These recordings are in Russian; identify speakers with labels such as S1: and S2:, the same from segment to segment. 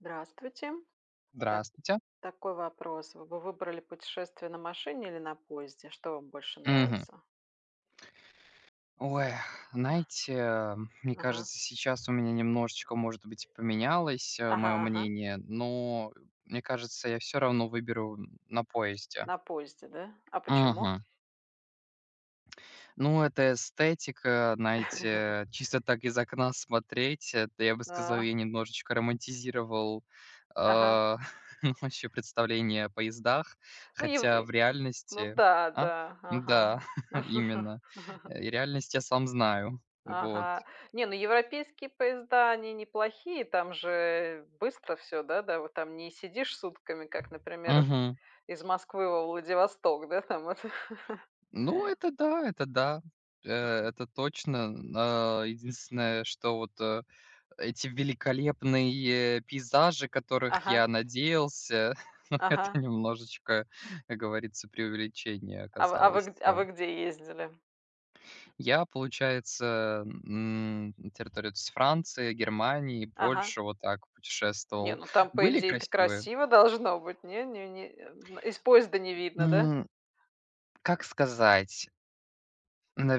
S1: Здравствуйте. Так
S2: Здравствуйте.
S1: такой вопрос: Вы бы выбрали путешествие на машине или на поезде? Что вам больше
S2: Мгм.
S1: нравится?
S2: Ой, знаете, мне
S1: Ага.
S2: кажется, сейчас у меня немножечко, может быть, поменялось, э,
S1: Ага
S2: моё
S1: ага.
S2: мнение, но мне кажется, я всё равно выберу на поезде.
S1: На поезде, да? А почему?
S2: Мгм. Ну, это эстетика, знаете, чисто так из окна смотреть, это я бы сказал, я
S1: А.
S2: немножечко романтизировал,
S1: Ага.
S2: а, вообще представление о поездах.
S1: Ну, ев
S2: Хотя в
S1: и, ну
S2: реальности
S1: да
S2: А?
S1: да,
S2: Ну
S1: ага.
S2: да, именно. И реальность я сам знаю, вот.
S1: Ага. Нет, ну, европейские поезда- они неплохие, там же быстро всё, да, да, вот там не сидишь сутками, как, например,
S2: Мгм.
S1: из Москвы во Владивосток, да, там это?
S2: Ну, это да, это да, э это точно, м э единственное, что вот эти, э, великолепные пейзажи, которых
S1: Ага.
S2: я надеялся Но это
S1: Ага.
S2: немножечко, как говорится, преувеличение
S1: А вы а
S2: оказалось,
S1: вы а
S2: э
S1: вы где ездили?
S2: Я, получается, м, на территории вот с Франции, Германии,
S1: Ага.
S2: Польши вот так
S1: Не,
S2: путешествовал.
S1: ну, там, по
S2: Были
S1: идее, это
S2: красивые.
S1: красиво должно быть. Не не не н из поезда не видно, да?
S2: М. Как сказать.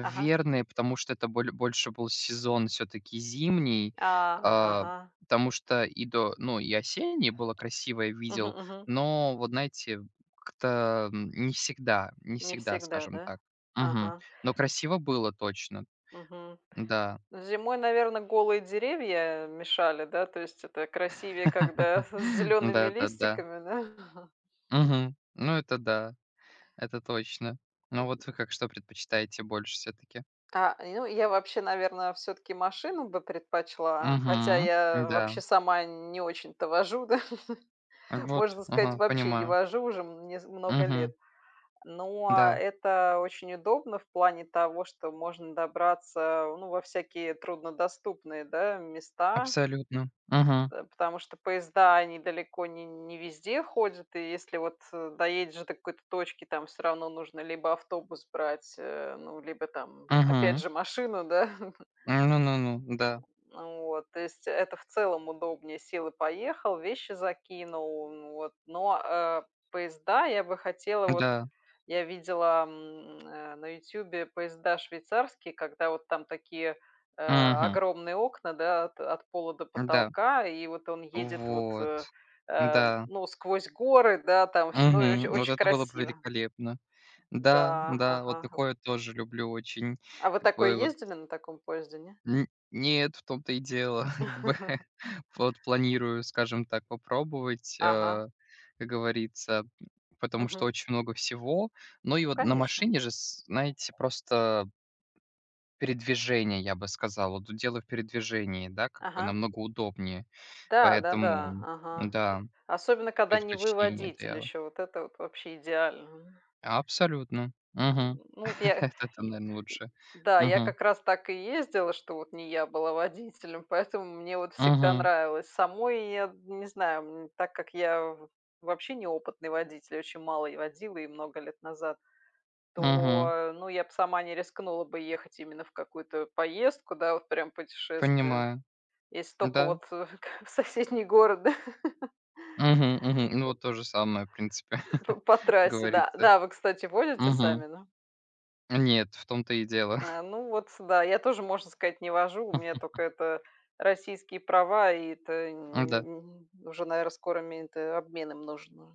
S1: Ага.
S2: потому что это боле больше был сезон всё-таки зимний.
S1: А,
S2: А,
S1: ага.
S2: потому что и до ну, и осеннее было красивое,
S1: Мгм
S2: видел,
S1: мгм.
S2: но вот, знаете, как-то, м не всегда не
S1: Не
S2: всегда,
S1: всегда,
S2: скажем
S1: да?
S2: так. Мгм.
S1: Ага.
S2: Но красиво было точно.
S1: Мгм.
S2: Да.
S1: Зимой, наверно, голые деревья мешали, да, то есть это красивее, когда с зелеными
S2: Да-да-да.
S1: листиками, да?
S2: Мгм. Ну, это, да, это точно. Ну, а вот вы как, что предпочитаете больше всё-таки?
S1: А, я я вообще, наверно, всё-таки машину бы предпочла, хотя
S2: Мгм,
S1: я
S2: да.
S1: вообще сама не очень-то вожу, да.
S2: Вот,
S1: Можно сказать,
S2: ага,
S1: вообще не
S2: понимаю.
S1: вожу уже м нез много лет.
S2: Мгм.
S1: Но
S2: Да.
S1: это очень удобно в плане того, что можно добраться, ну, во всякие труднодоступные, да, места.
S2: Абсолютно, мгм.
S1: Э, потому что поезда они далеко не не везде ходят. И если вот, э, доедешь до какой-то точки, там всё равно нужно либо автобус брать, э, ну, либо там опять
S2: Мгм.
S1: же машину, да?
S2: Ну ну ну
S1: М,
S2: да.
S1: вот. То есть это в целом удобнее: сел и поехал, вещи закинул, ну вот. Но, а, поезда я бы хотела вот
S2: Да.
S1: я видела, м, э, на "Ютубе" поезда швейцарские, когда вот там такие, э,
S2: Мгм.
S1: огромные окна, да, от от пола до
S2: Да.
S1: потолка, и вот он едет, вот,
S2: Вот.
S1: э, э,
S2: Да.
S1: ну, сквозь горы, да, там всё, ну, и оч
S2: Мгм. Вот
S1: очень
S2: это было бы
S1: красиво.
S2: великолепно. Да
S1: Да.
S2: да. Вот
S1: Ага, г
S2: такое тоже люблю очень.
S1: А вы
S2: Как
S1: такое
S2: бы вот
S1: ездили на таком поезде, не?
S2: Н нет, в том-то и дело. Как бы, э, вот планирую, скажем так, попробовать,
S1: Ага.
S2: а, как говорится, м, потому что
S1: Мгм.
S2: очень много всего. Но и
S1: Ну,
S2: вот на
S1: конечно.
S2: машине же, с знаете, просто Передвижение, я бы сказал. Вот дело в передвижении, да, как бы
S1: Ага.
S2: намного удобнее.
S1: Да да-да,
S2: Поэтому,
S1: ага. И
S2: да,
S1: особенно, когда не вы
S2: предпочтение- это
S1: водитель
S2: я
S1: еще, вот это вот вообще идеально.
S2: Абсолютно,
S1: М,
S2: мгм.
S1: ну вот я
S2: Это
S1: й
S2: там,
S1: й
S2: наверно, лучше.
S1: да, я
S2: Мгм.
S1: как раз так и ездила, что вот не я была водителем, поэтому мне вот всегда
S2: Мгм.
S1: нравилось. Самой я, м, не знаю, м, так как я в вообще неопытный водитель, очень мало я водила и много лет назад,
S2: Мгм.
S1: то, ну, я б сама не рискнула бы ехать именно в какую-то поездку, да, вот прям путешествие.
S2: Понимаю.
S1: Если только
S2: Да.
S1: вот в соседний город, да.
S2: Мгм мгм. Ну,
S1: По
S2: вот то же самое, в принципе,
S1: П по
S2: как
S1: трассе да.
S2: говорится.
S1: Да, а вы, кстати, водите
S2: Мгм.
S1: сами, да?
S2: Нет, в том-то и дело.
S1: А, ну, вот сюда. Я тоже, можно сказать, не вожу, у меня тока это российские права, и это не
S2: М-да.
S1: м, уже, наверно, скоро мен т обмен им нужен уже.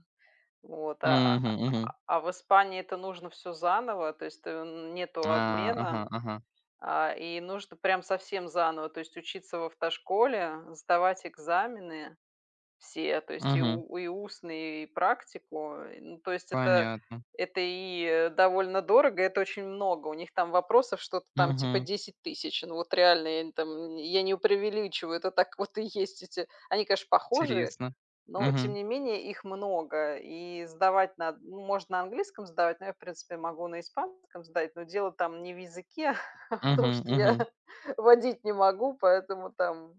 S1: Вот а,
S2: Мгм мгм.
S1: а в Испании это нужно всё заново. То есть нету
S2: А, ага,
S1: обмена,
S2: ага.
S1: а, и нужно прям совсем заново, то есть учиться в автошколе, сдавать экзамены все, то есть и
S2: Мгм.
S1: у и устный, и практику. Э, ну, то есть это
S2: Понятно.
S1: это и довольно дорого, и это очень много. У них там вопросов что-то там типа
S2: Мгм.
S1: 10 000, ну вот реально, я там я не преувеличиваю, это так вот и есть эти. Они, конечно, похожие,
S2: Интересно,
S1: но, тем
S2: мгм.
S1: не менее, их много, и сдавать над можно на английском сдавать, но я, в принципе, могу на испанском сдать, но дело там не в языке, а в том,
S2: Мгм
S1: что я
S2: мгм.
S1: водить не могу, поэтому там,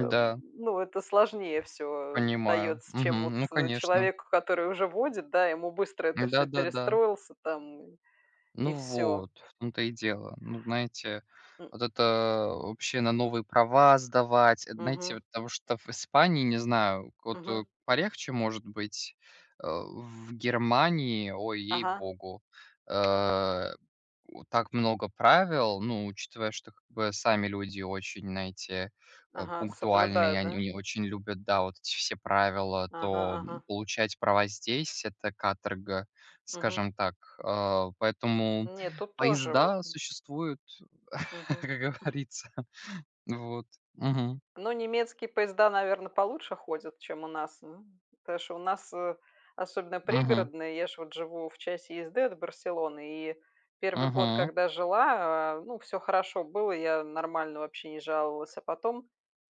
S1: м, ну, это сложнее всё
S2: Понимаю,
S1: дается, чем вот
S2: мгм, ну, конечно.
S1: человеку, который уже водит, да, ему быстро это всё
S2: Да-да-да.
S1: перестроился, там и,
S2: Ну,
S1: и всё.
S2: вот в том-то и дело. Ну, знаете,
S1: М.
S2: вот это вообще на новые права сдавать- это, знаете,
S1: Мгм.
S2: вот того, что в Испании, не знаю, вот, э,
S1: Мгм.
S2: полегче может быть. Э, в Германии, ой,
S1: Ага.
S2: ей-богу, э, у так много правил. Ну, учитывая, что как бы сами люди очень, знаете, э,
S1: Ага,
S2: пунктуальные,
S1: соблюдают,
S2: они
S1: да?
S2: они очень любят, да, вот эти все правила,
S1: Ага
S2: то
S1: ага.
S2: получать права здесь- это каторга,
S1: Мгм.
S2: скажем так. Э, поэтому
S1: Нет, тут тоже вот
S2: поезда существуют,
S1: Мгм.
S2: как говорится, вот, мгм.
S1: Ну, немецкие поезда, наверно, получше ходят, чем у нас, м. Потому что у нас, э, особенно
S2: Мгм.
S1: пригородная, я ж вот живу в часе езды от Барселоны, и 1 год,
S2: Мгм.
S1: когда жила, а, ну, всё хорошо было, я нормально вообще не жаловалась, а потом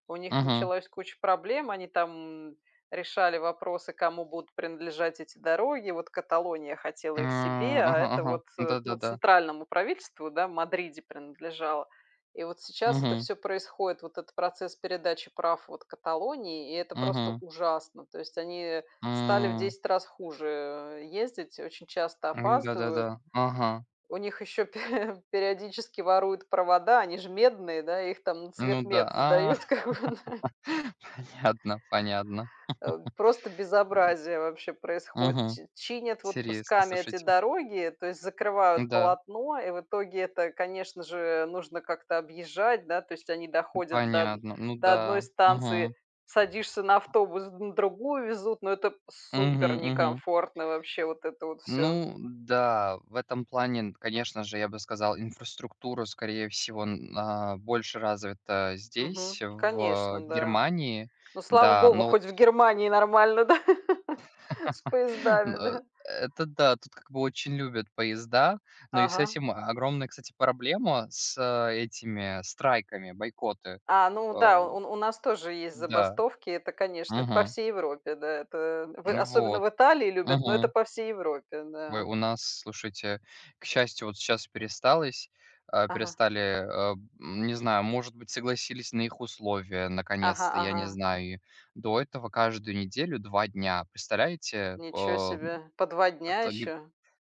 S1: у них
S2: Мгм.
S1: началось куча проблем. Они там решали вопросы, кому будут принадлежать эти дороги, вот Каталония хотела
S2: А,
S1: их себе, а
S2: ага,
S1: это
S2: ага.
S1: вот, э, ну,
S2: Да-да-да.
S1: центральному правительству, да, в Мадриде принадлежало. И вот сейчас это
S2: Мгм.
S1: всё происходит, вот этот процесс передачи прав вот Каталонии. И это просто
S2: Мгм.
S1: ужасно, то есть они стали в
S2: М.
S1: 10 раз хуже, э, ездить, очень часто опаздывают.
S2: Да-да-да, ага.
S1: У них ещё пе периодически воруют провода, они ж медные, да, их там на
S2: Ну да,
S1: цветмет
S2: а
S1: сдают, как бы, да.
S2: понятно понятно,
S1: Э, просто
S2: м.
S1: безобразие вообще происходит.
S2: Мгм.
S1: Чи чинят вот
S2: Интересно,
S1: кусками эти
S2: слушайте.
S1: дороги, то есть, закрывают
S2: Да.
S1: полотно, и в итоге это, конечно же, нужно как-то объезжать, да, то есть они доходят до од
S2: Понятно. Ну
S1: до одной
S2: да,
S1: станции,
S2: мгм.
S1: садишься на автобус, на другую везут, но это супер
S2: Мгм, мгм.
S1: некомфортно вообще вот это вот всё.
S2: Ну да, в этом плане, конечно же, я бы сказал, инфраструктура, скорее всего, на больше развита здесь
S1: Мгм.
S2: в
S1: Конечно, да.
S2: Германии,
S1: Ну, слава
S2: да,
S1: богу,
S2: но вот
S1: хоть в Германии нормально, да, с
S2: Н
S1: поездами, да.
S2: это да, тут, как бы, очень любят поезда, но и с
S1: Ага.
S2: этим огромная, кстати, проблема с этими страйками, бойкоты,
S1: А, ну
S2: э.
S1: да, у у нас тоже есть
S2: Да.
S1: забастовки, это, конечно, это по
S2: Мгм.
S1: всей Европе, да, это в особенно
S2: Вот.
S1: в Италии любят, но это
S2: Мгм.
S1: по всей Европе,
S2: Вы
S1: да.
S2: у нас, слушайте, к счастью, вот сейчас пересталось а,
S1: Ага.
S2: перестали, а не знаю, может быть, согласились на их условия
S1: Ага
S2: наконец-то, я не
S1: ага.
S2: знаю. До этого каждую неделю 2 дня, представляете, э?
S1: Ничего себе, по 2
S2: А
S1: дня
S2: тоги
S1: ещё?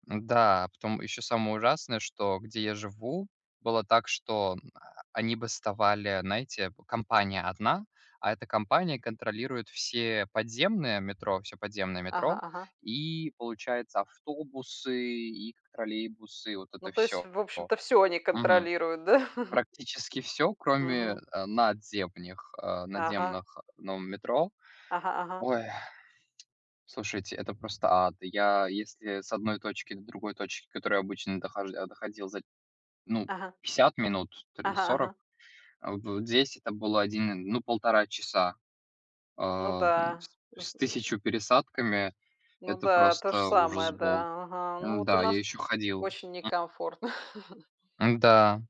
S2: да, потом ещё самое ужасное, что где я живу, было так, что они бастовали, знаете, компания одна, а эта компания контролирует все подземные метро всё подземное
S1: Ага
S2: метро,
S1: ага.
S2: и получается, автобусы, и к троллейбусы, и вот
S1: Ну,
S2: это
S1: то есть,
S2: всё,
S1: в
S2: о
S1: общем-то, всё они
S2: Мгм.
S1: контролируют, да?
S2: Практически всё, кроме,
S1: Мгм.
S2: а, надземних а,
S1: Ага.
S2: надземных в новом метро.
S1: Ага ага.
S2: Ой. Слушайте, это просто ад. Я если с одной точки до другой точки, к которой обычно дохож э, доходил за, ну,
S1: Ага.
S2: 50 минут то ли
S1: Ага
S2: 40,
S1: ага.
S2: э, в здесь это было 1 ну, 1,5 часа.
S1: Ну
S2: А, м
S1: да,
S2: с
S1: з
S2: с 1000 пересадками
S1: Ну
S2: это
S1: да, то же
S2: просто ужас
S1: самое,
S2: был.
S1: да, ага. Ну, вот у
S2: М-да, я
S1: нас
S2: ещё ходил,
S1: очень
S2: м
S1: некомфортно.
S2: М-да.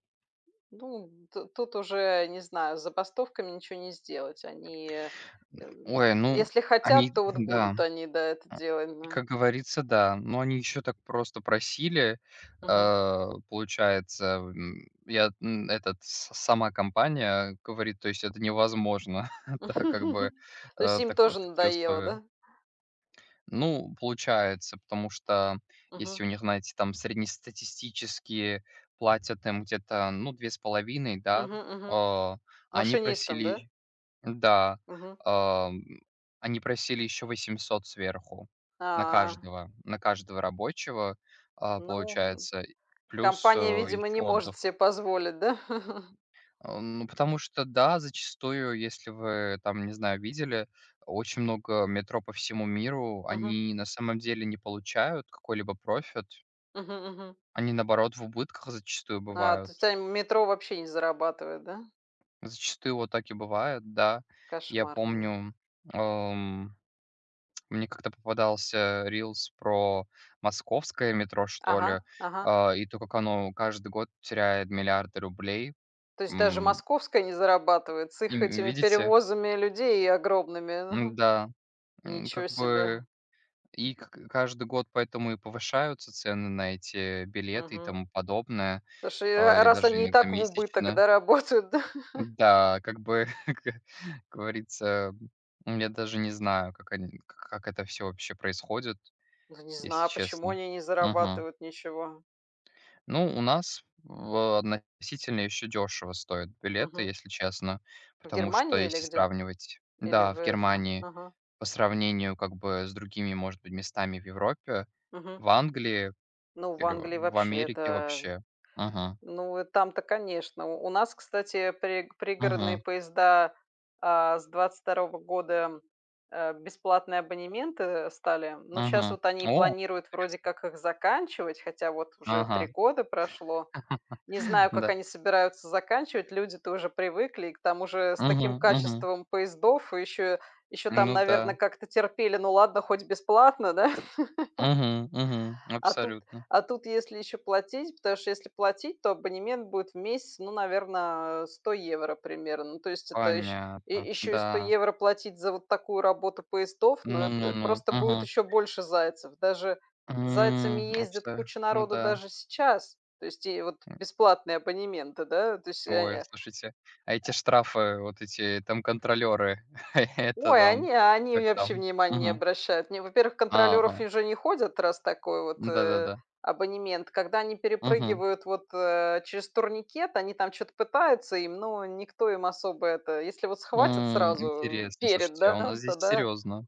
S1: Ну, т тут уже, не знаю, с забастовками ничего не сделать, они, эм,
S2: Ой, ну,
S1: если хотят,
S2: они
S1: то вот
S2: да,
S1: будут они, да, это
S2: н
S1: делать, да.
S2: Как говорится, да. Но они ещё так просто просили,
S1: Мгм.
S2: э, получается, м, я на этот с сама компания говорит, то есть это невозможно, так как бы,
S1: То есть
S2: э,
S1: им
S2: так, вот
S1: тоже
S2: такие
S1: надоело,
S2: условия.
S1: да?
S2: Ну, получается, потому что если
S1: Мгм.
S2: у них на эти там среднестатистические платят им где-то, ну, 2,5, да,
S1: Мгм. Мгм.
S2: а, они
S1: Машинистом, да?
S2: просили да,
S1: Мгм.
S2: ам, они просили ещё 800 сверху на
S1: А.
S2: каждого на каждого рабочего, а,
S1: Ну, м.
S2: получается плюс, э,
S1: Компания, видимо,
S2: ещё
S1: не может
S2: отдых.
S1: себе позволить, да.
S2: Ну, потому что, да, зачастую, если вы там, не знаю, видели очень много метро по всему миру,
S1: Мгм.
S2: они на самом деле не получают какой-либо профит.
S1: Мгм. Мгм.
S2: Они, наоборот, в убытках зачастую
S1: А,
S2: бывают.
S1: то есть они метро вообще не зарабатывает, да?
S2: Зачастую вот так и бывает, да. Я
S1: Кошмарно.
S2: помню, эм, мне как-то попадался рилс про московское метро, что
S1: Ага.
S2: ли,
S1: Ага.
S2: а, и то, как оно каждый год теряет миллиарды рублей,
S1: То есть даже
S2: м.
S1: московская не зарабатывает с
S2: И
S1: их
S2: в
S1: этими
S2: видите?
S1: перевозами людей огромными?
S2: Ну
S1: Мгм.
S2: да, м,
S1: Ничё
S2: как
S1: себе!
S2: бы и к каждый год поэтому и повышаются цены на эти билеты и тому
S1: Мгм.
S2: подобное,
S1: Слушай,
S2: а,
S1: а ра
S2: или
S1: раз
S2: даже
S1: они и
S2: иногда
S1: так в убыток,
S2: месячно.
S1: да, работают, да.
S2: Да, как бы, как говорится, я даже не знаю, как они к как это всё вообще происходит,
S1: Да не
S2: если
S1: знаю, почему
S2: честно.
S1: они не
S2: Мгм.
S1: зарабатывают ничего.
S2: Ну, у нас в относительно ещё дешево стоят билеты,
S1: Мгм.
S2: если честно,
S1: В
S2: потому что,
S1: Германии или
S2: если
S1: где,
S2: сравнивать.
S1: или
S2: Да,
S1: в
S2: в
S1: это,
S2: Германии
S1: о ага.
S2: по сравнению, как бы, с другими, может быть, местами в Европе,
S1: Мгм.
S2: в Англии
S1: Ну, в
S2: или в
S1: Англии
S2: в
S1: вообще
S2: Америке
S1: это,
S2: вообще. Мгм.
S1: ну, там-то, конечно. У нас, кстати, при пригородные
S2: Мгм.
S1: поезда, а, с 22 года, а, бесплатные абонементы стали, но щас
S2: Мгм,
S1: вот они
S2: о,
S1: планируют вроде
S2: интересно.
S1: как их заканчивать, хотя вот уже 3
S2: Ага.
S1: года прошло. Не знаю,
S2: Ну
S1: как
S2: да.
S1: они собираются заканчивать, люди тоже привыкли, и к тому же с таким
S2: Мгм. Мгм.
S1: качеством поездов ещё ещё там,
S2: Ну
S1: наверно,
S2: да.
S1: как-то терпели, ну, ладно, хоть бесплатно, да?
S2: Мгм. Мгм,
S1: А тут
S2: абсолютно.
S1: а тут если ещё платить, потому что если платить, то абонемент будет в месяц, ну, наверно, 100 евро примерно. Ну, то есть это ещ
S2: Понятно,
S1: ещё и 100
S2: да.
S1: евро платить за вот такую работу поездов, ну,
S2: Ну ну
S1: это
S2: ну.
S1: просто будет
S2: Мгм.
S1: ещё больше зайцев, даже зайцами
S2: М, а
S1: ездит
S2: всё,
S1: куча
S2: ну
S1: народу
S2: да.
S1: даже сейчас, то есть и вот
S2: М.
S1: бесплатные абонементы, да, то есть
S2: Ой,
S1: о
S2: слушайте, а эти штрафы, вот эти там контролеры, это
S1: Ой,
S2: там
S1: они они
S2: как
S1: вообще
S2: там?
S1: внимания не
S2: Мгм.
S1: обращают. Они, во-первых, контролеров
S2: Ага.
S1: уже не ходят, раз такой вот, э,
S2: Да-да-да.
S1: абонемент, когда они
S2: Мгм.
S1: перепрыгивают вот, э, через турникет, они там что-то пытаются им, но никто им особо это, если вот схватят
S2: М.
S1: сразу
S2: Интересно.
S1: перед,
S2: Слушайте, а
S1: да,
S2: у нас здесь
S1: тогда
S2: серьезно,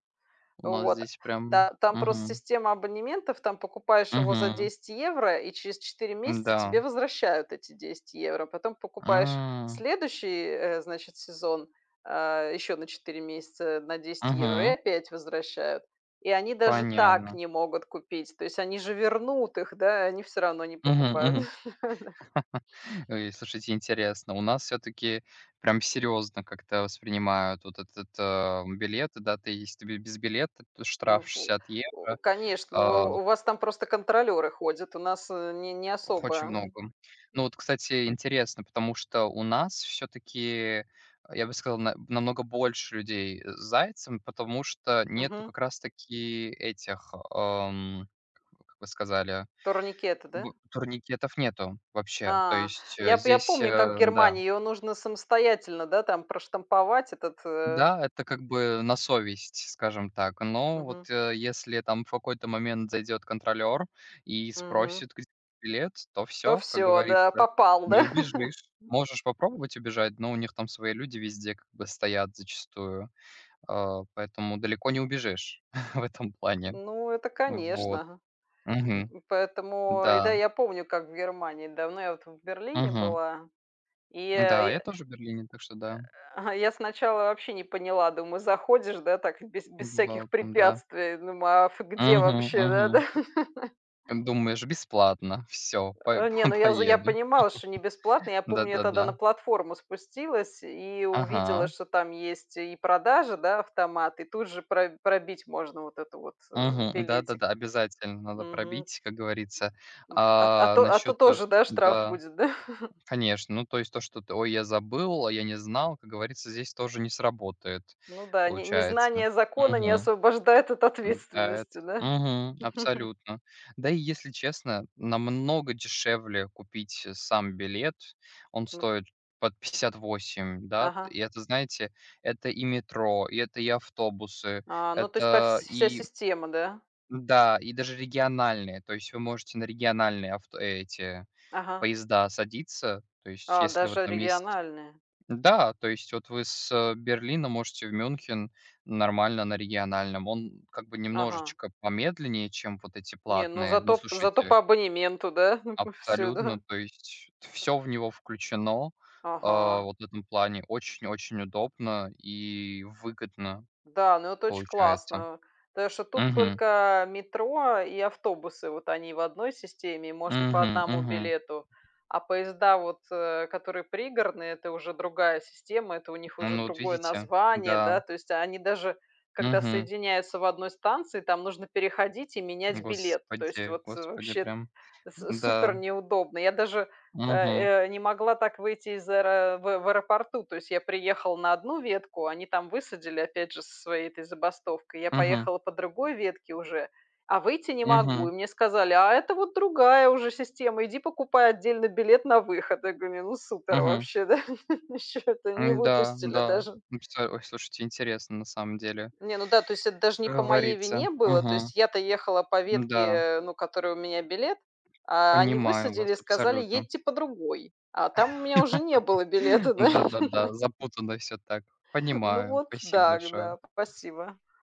S2: у нас
S1: Вот.
S2: здесь прям.
S1: Та там просто
S2: Мгм.
S1: система абонементов, там покупаешь его за
S2: Мгм.
S1: 10 евро и через 4 месяца
S2: Н-да.
S1: тебе возвращают эти 10 евро. Потом покупаешь
S2: М.
S1: следующий, э, значит, сезон, а, ещё на 4 месяца на 10 евро, и
S2: Мгм.
S1: опять возвращают. И они даже так
S2: Понятно.
S1: не могут купить, то есть они же вернут их, да, они всё равно не
S2: Мгм.
S1: покупают.
S2: Мгм. Ой. Слушайте, интересно, у нас всё-таки прямо серьезно как-то воспринимают вот этот, э, билеты, да, ты, если ты без билета, то штраф
S1: Ну, в
S2: 60
S1: в,
S2: евро.
S1: конечно,
S2: А.
S1: у в вас там просто контролёры ходят, у нас не не
S2: Х очень
S1: особо. Мгм.
S2: много. Ну вот, кстати, интересно, потому что у нас всё-таки, я бы сказал, на намного больше людей с зайцем, потому что нету
S1: Мгм.
S2: как раз таки этих, эм, как вы сказали
S1: Турникеты, да?
S2: б турникетов, нету вообще, то
S1: А.
S2: есть, э,
S1: Я п я
S2: здесь,
S1: помню, как в
S2: э, да.
S1: Германии её нужно самостоятельно, да, там, проштамповать этот, э
S2: Да, это как бы на совесть, скажем так, но вот,
S1: Мгм.
S2: э, если там в какой-то момент зайдет контролер и
S1: Мгм.
S2: спросит, где билет, то
S1: То
S2: всё, как
S1: всё, да,
S2: говорится,
S1: попал, да.
S2: не убежишь, можешь попробовать убежать, но у них там свои люди везде как бы стоят зачастую, э, поэтому далеко не убежишь в этом плане.
S1: Ну, это,
S2: Вот.
S1: конечно, ага,
S2: Мгм.
S1: м, поэтому, и да,
S2: Да.
S1: я помню, как в Германии давно я вот в Берлине
S2: Мгм.
S1: была, и я и
S2: Да, я
S1: я.
S2: тоже в Берлине, так что да.
S1: Ага. И я сначала вообще не поняла, думаю: "Заходишь, да так, без без
S2: Бывал
S1: всяких
S2: там, да.
S1: препятствий", думаю: "А ф где
S2: Мгм.
S1: вообще, да-да?"
S2: Мгм. Как думаешь, бесплатно всё па
S1: Не,
S2: па
S1: ну, я за я
S2: поеду,
S1: понимала, что не бесплатно. Я помню, я тогда на
S2: да-да-да.
S1: платформу спустилась и увидела,
S2: Ага.
S1: что там есть и продажа, да, автомат, и тут же про пробить можно вот этот вот, э,
S2: Мгм.
S1: билетик.
S2: Да-да-да, обязательно надо
S1: Мгм.
S2: пробить, как говорится,
S1: М. А т а
S2: а,
S1: то а то
S2: насчет
S1: тоже, да, штраф
S2: да,
S1: будет, да?
S2: конечно, ну, то есть, то, что-то ой, я забыл, а я не знал, как говорится, здесь тоже не сработает,
S1: Ну да, не
S2: получается.
S1: незнание закона не
S2: Мгм.
S1: освобождает от
S2: Заяц.
S1: ответственности. Да.
S2: Мгм. Абсолютно, да и, если честно, намного дешевле купить сам билет, он
S1: Ну.
S2: стоит под 58, да,
S1: Ага.
S2: и это, знаете, это и метро, и это и автобусы,
S1: А, ну то есть по вс
S2: это
S1: вся
S2: и
S1: система, да?
S2: Да, и даже региональные, то есть вы можете на региональные авто эти
S1: Ага.
S2: поезда садиться. То есть,
S1: А,
S2: если вы
S1: даже
S2: там есть,
S1: региональная.
S2: да, то есть вот вы с Берлина можете в Мюнхен нормально на региональном, он как бы
S1: Ага.
S2: немножечко помедленнее, чем вот эти
S1: Не, ну,
S2: платные, но
S1: зато зато
S2: слушайте
S1: по абонементу, да, всё,
S2: Абсолютно,
S1: да.
S2: то есть всё в него включено, а,
S1: Ага.
S2: вот в этом плане очень-очень удобно и выгодно
S1: Да, но это очень
S2: получается.
S1: классно, так что тут
S2: Мгм.
S1: только метро и автобусы, вот они в одной системе, и можно по
S2: Мгм.
S1: 1
S2: Мгм.
S1: билету. А поезда, вот, э, которые пригородные, это уже другая система, это у них уже
S2: Ну вот,
S1: другое
S2: видите,
S1: название,
S2: да.
S1: да, то есть они даже, когда
S2: Мгм.
S1: соединяются в 1 станции, там нужно переходить и менять билет. То есть
S2: Господи,
S1: вот, э,
S2: господи,
S1: вообще
S2: прям
S1: с супер
S2: да.
S1: неудобно. Я даже, э,
S2: Мгм.
S1: э, не могла так выйти из аэро в в аэропорту. То есть я приехала на одну ветку, они там высадили опять же со своей этой забастовкой. Я
S2: Мгм.
S1: поехала по другой ветке уже, а выйти не могу.
S2: Мгм.
S1: И мне сказали: "А это вот другая уже система, иди покупай отдельно билет на выход". Я говорю: "Ну супер
S2: Мгм.
S1: вообще, да". Еще это не
S2: М-да,
S1: выпустили
S2: да.
S1: даже.
S2: Ну всё. Ой, слушайте, интересно на самом деле
S1: Не, ну да, то есть это даже не
S2: как
S1: по моей
S2: говорится.
S1: вине было, то
S2: Мгм.
S1: есть я-то ехала по
S2: М-да.
S1: ветке, ну, которой у меня билет, а, они
S2: Понимаю
S1: высадили и
S2: вас
S1: сказали:
S2: абсолютно.
S1: "Едьте по другой". А там у меня уже не было билета,
S2: Ну
S1: да.
S2: да-да-да, запутано всё, так
S1: Ну
S2: понимаю.
S1: вот,
S2: Спасибо
S1: да, г
S2: большое.
S1: да, спасибо.